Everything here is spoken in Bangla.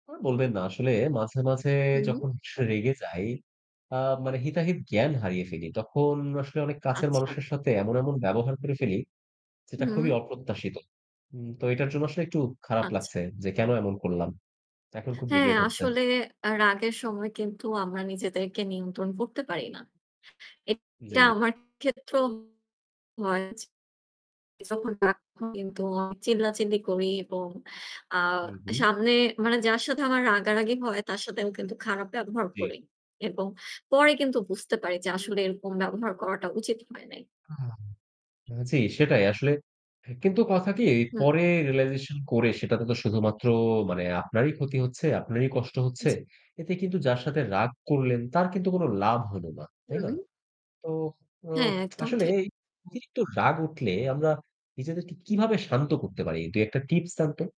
আর বলবেন না আসলে মাঝে, মাঝে হুম। যখন স রেগে যাই আ মানে হিতাহিত জ্ঞান হারিয়ে ফেলি, তখন আসলে অনেক কাছের আচ্ছা। মানুষের সাথে এমন, এমন ব্যবহার করে ফেলি যেটা খুবই হুম। অপ্রত্যাশিত। উম তো এটার জন্য আসলে একটু খারাপ আচ্ছা। লাগছে, যে কেনো এমন করলাম। এখন খুব হ্যাঁ, regret হচ্ছে। আসলে আ রাগের সময় কিন্তু আমরা নিজেদেরকে নিয়ন্ত্রণ করতে পারি না। এটা জি। আমার ক্ষেত্রেও হয়। যখন রাগ হয় কিন্তু আমি চিল্লাচিল্লি করি এবং আ হু, হু। সামনে মানে যার সাথে আমার রাগারাগি হয় তার সাথেও কিন্তু খারাপ ব্যবহার জি। করি এবং পরে কিন্তু বুঝতে পারি যে আসলে এরকম ব্যবহার করাটা উচিত হয় নাই। আ জি সেটাই, আসলে কিন্তু কথা কি হুম। পরে realization করে সেটাতে তো শুধুমাত্র মানে আপনারই ক্ষতি হচ্ছে, আপনারই কষ্ট হচ্ছে। জি। এতে কিন্তু যার সাথে রাগ করলেন তার কিন্তু কোনো লাভ হলো না। তাই না? হুম। তো ওহ হ্যাঁ, একদম আসলে ঠিক। এই অতিরিক্ত রাগ উঠলে আমরা নিজেদেরকে কিভাবে শান্ত করতে পারি? ২-১ টা tips দেন তো।